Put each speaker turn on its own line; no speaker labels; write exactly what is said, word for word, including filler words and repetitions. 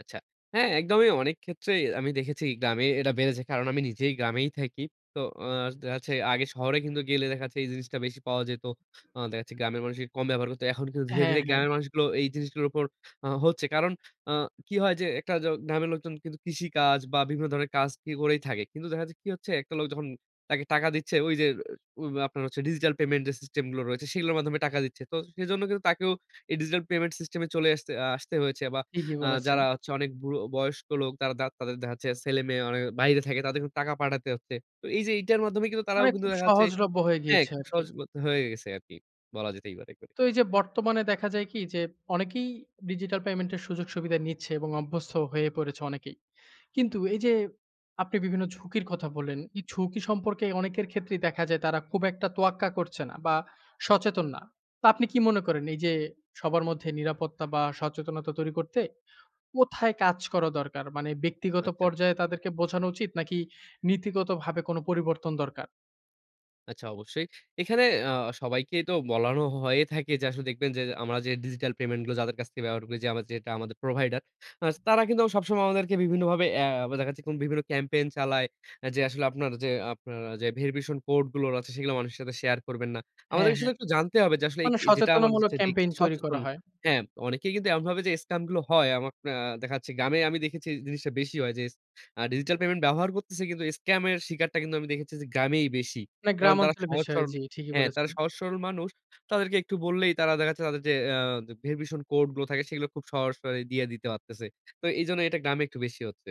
আচ্ছা। হ্যাঁ, একদমই অনেক ক্ষেত্রেই আমি দেখেছি গ্রামে এটা বেড়েছে। কারণ আমি নিজেই গ্রামেই থাকি। তো অ দেখ যাচ্ছে আগে শহরে কিন্তু গেলে দেখাচ্ছে এই জিনিসটা বেশি পাওয়া যেত। অ দেখা যাচ্ছে গ্রামের মানুষই কম ব্যবহার করত। এখন কিন্তু ধীরে,
হ্যাঁ,
ধীরে
হ্যাঁ।
গ্রামের মানুষগুলো এই জিনিসগুলোর উপর অ হচ্ছে। কারণ অ কি হয় যে, একটা য গ্রামের লোকজন কিন্তু কৃষিকাজ বা বিভিন্ন ধরনের কাজ কি করেই থাকে। কিন্তু দেখা যাচ্ছে কি হচ্ছে একটা লোক যখন তাকে টাকা দিচ্ছে, ঐ যে, ঐ আপনার ডিজিটাল পেমেন্ট সিস্টেম গুলো রয়েছে সেগুলোর মাধ্যমে টাকা দিচ্ছে। তো সেজন্য কিন্তু তাকেও এই ডিজিটাল পেমেন্ট সিস্টেম এ চলে এসতে আ আসতে হয়েছে বা
ঠিকই
আ
বলেছেন।
যারা হচ্ছে অনেক বুড়ো বয়স্ক লোক তারা দাঁত তাদের দেখা যাচ্ছে ছেলে-মেয়ে অনেকে বাহিরে থাকে, তাদেরকে টাকা পাঠাতে হচ্ছে। এই যে, এটার মাধ্যমে কিন্তু তারাও
মানে
কিন্তু
খুব
দেখা যাচ্ছে
সহজলভ্য হয়ে
অ্যা
গিয়েছে
খুব
আর কি।
সহজ বলতে হয়ে গেছে আরকি বলা যেতই পারে করে।
তো এই যে, বর্তমানে দেখা যায় কি যে, অনেকেই ডিজিটাল পেমেন্টের সুযোগ-সুবিধা নিচ্ছে এবং অভ্যস্ত হয়ে পড়েছে অনেকেই। কিন্তু এই যে, আপনি বিভিন্ন ঝুঁকির কথা বললেন, এই ঝুঁকি সম্পর্কে অনেকের ক্ষেত্রেই দেখা যায় তারা খুব একটা তোয়াক্কা করছে না বা সচেতন না। তো আপনি কি মনে করেন এই যে, সবার মধ্যে নিরাপত্তা বা সচেতনতা তৈরি করতে কোথায় কাজ করা দরকার? মানে ব্যক্তিগত
আচ্ছা।
পর্যায়ে তাদেরকে বোঝানো উচিত? নাকি নীতিগত ভাবে কোন পরিবর্তন দরকার?
আচ্ছা অবশ্যই। এখানে আ সবাইকেই তো বলানো হয়ে থাকে যে, আসলে দেখবেন যে, আমরা যে, ডিজিটাল পেমেন্ট গুলো যাদের কাছ থেকে ব্যবহার করি যে, আমার যেটা আমাদের প্রোভাইডার। আস তারা কিন্তু আবার সবসময় আমাদেরকে বিভিন্নভাবে অ্যা আবার দেখা যাচ্ছে কোন বিভিন্ন ক্যাম্পেইন চালায়। আ যে, আসলে আপনার যে, আপনার যে, verification কোড গুলোর আছে সেগুলা মানুষের সাথে শেয়ার করবেন না।
হ্যাঁ,
আমাদেরকে শুধু
হ্যাঁ।
একটু জানতে হবে যে, আসলে এইক
মানে
যেটা আমার
সচেতনামূলক
হচ্ছে রিস্ক
ক্যাম্পেইন তৈরি
সচেতন।
করা হয়।
হ্যাঁ, অনেকেই কিন্তু এমন ভাবে যে, স্টেম গুলো হয়। আমাক অ্যা দেখা যাচ্ছে গ্রামে আমি দেখেছি জিনিসটা বেশি হয় যে, আ ডিজিটাল পেমেন্ট ব্যবহার করতেছে কিন্তু স্কাম এর শিকারটা কিন্তু আমি দেখেছি যে, গ্রামেই বেশি।
না গ্রাম
কারণ তারা
অঞ্চলের
সহজ
বেশি হয়
সরল
জি, ঠিকই
হ্যাঁ, তারা
বলেছেন।
সহজ সরল মানুষ। তাদেরকে একটু বললেই তারা দেখাচ্ছে তাদের যে, অ্যা ভেরিফিকেশন কোড গুলো থাকে সেগুলো খুব সহস করে দিয়ে দিতে পারতেছে। তো এইজন্য এটা গ্রামে একটু বেশি হচ্ছে।